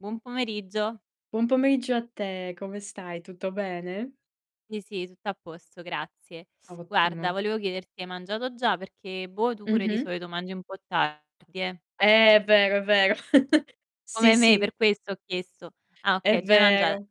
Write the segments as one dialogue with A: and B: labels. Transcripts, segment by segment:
A: Buon pomeriggio.
B: Buon pomeriggio a te, come stai? Tutto bene?
A: Sì, sì, tutto a posto, grazie. Guarda,
B: Ottimo.
A: volevo chiederti: hai mangiato già? Perché boh, tu pure di
B: Mh-mh.
A: solito mangi un po' tardi, eh.
B: Eh, è vero, è vero. Sì,
A: Come me,
B: sì.
A: per questo ho chiesto. Ah,
B: È
A: okay, già hai mangia
B: vero,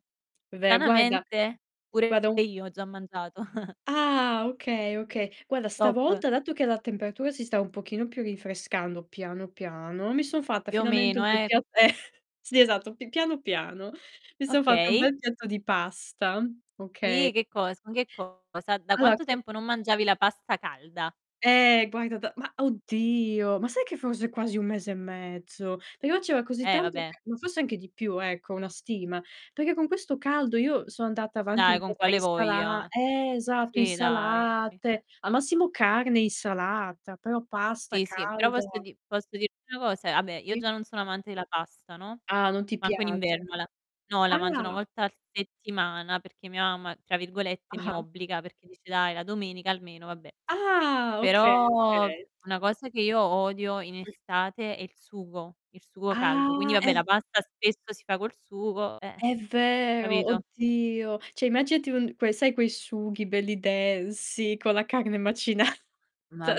B: è ver guarda
A: stranamente
B: guarda
A: pure
B: un
A: io ho già mangiato.
B: Ah, okay, okay. Guarda,
A: Top.
B: stavolta dato che la temperatura si sta un pochino più rinfrescando piano, piano, mi son fatta
A: Più o
B: finalmente
A: meno,
B: un bel
A: eh.
B: pia eh, sì, esatto, p piano, piano. Mi son fatta un
A: Okay.
B: bel piatto di pasta, oka
A: Sì, che cosa? Ma che cosa? Da
B: Allora
A: quanto
B: [unintelligible]
A: tempo non mangiavi la pasta calda?
B: Ehm, guarda da ma oddio, ma sai che forse quasi 1 mese e mezzo, però c'era così
A: Eh, va
B: tanto
A: beh.
B: [unintelligible] ma forse anche di più, ecco, una stima, perché con questo caldo io sono andata avanti
A: Dai,
B: un
A: con
B: po' tra
A: quale
B: insala
A: voglia?
B: ehm, esatto,
A: Sì, dai.
B: insalate, al massimo carne e insalata, però pasta
A: Sì, sì, però
B: calda
A: posso di posso dirti una cosa: ah beh, io
B: Sì.
A: già non sono amante della pasta, no,
B: Ah, non ti
A: manco in
B: piace.
A: inverno la no, la mangio 1
B: Ah.
A: volta a settimana perché mia mamma tra virgolette "mi
B: Ah-ah.
A: obbliga" perché dice: "Dai, la domenica almeno". Vabbè.
B: Ah, okay,
A: Però,
B: okay.
A: una cosa che io odio in estate è il sugo, il sugo caldo. Quindi
B: Ah,
A: vabbè,
B: è v
A: la pasta spesso si fa col sugo, eh.
B: è vero,
A: Capito?
B: oddio. Cioè immaginati un quei sai quei sughi belli densi con la carne macinata.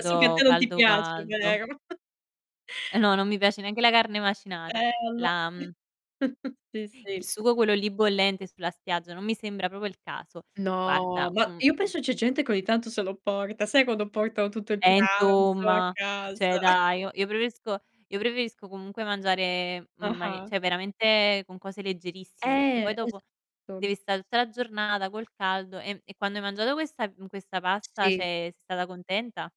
B: So che a te non ti
A: caldo,
B: piace,
A: caldo.
B: vero?
A: E no, non mi piace neanche la carne macinata.
B: Eh allo
A: La, mhmm
B: sì,
A: il
B: sì.
A: sugo quello lì bollente sulla spiaggia non mi sembra proprio il caso.
B: No,
A: Guarda,
B: ma
A: mhmm,
B: io
A: mh
B: penso c'è gente che ogni tanto se lo porta. Sai quando portano tutto il
A: E
B: pranzo a
A: insomma,
B: casa?
A: cioè dai, io io preferisco io preferisco comunque mangiare, mhmm, manie
B: Ah-ah.
A: cioè veramente con cose leggerissime, perché poi
B: Eh,
A: dopo
B: esatto.
A: devi sta tutta la giornata col caldo, ehm, e quando hai mangiato questa mhmm, questa pasta,
B: Sì.
A: cioè sei stata contenta?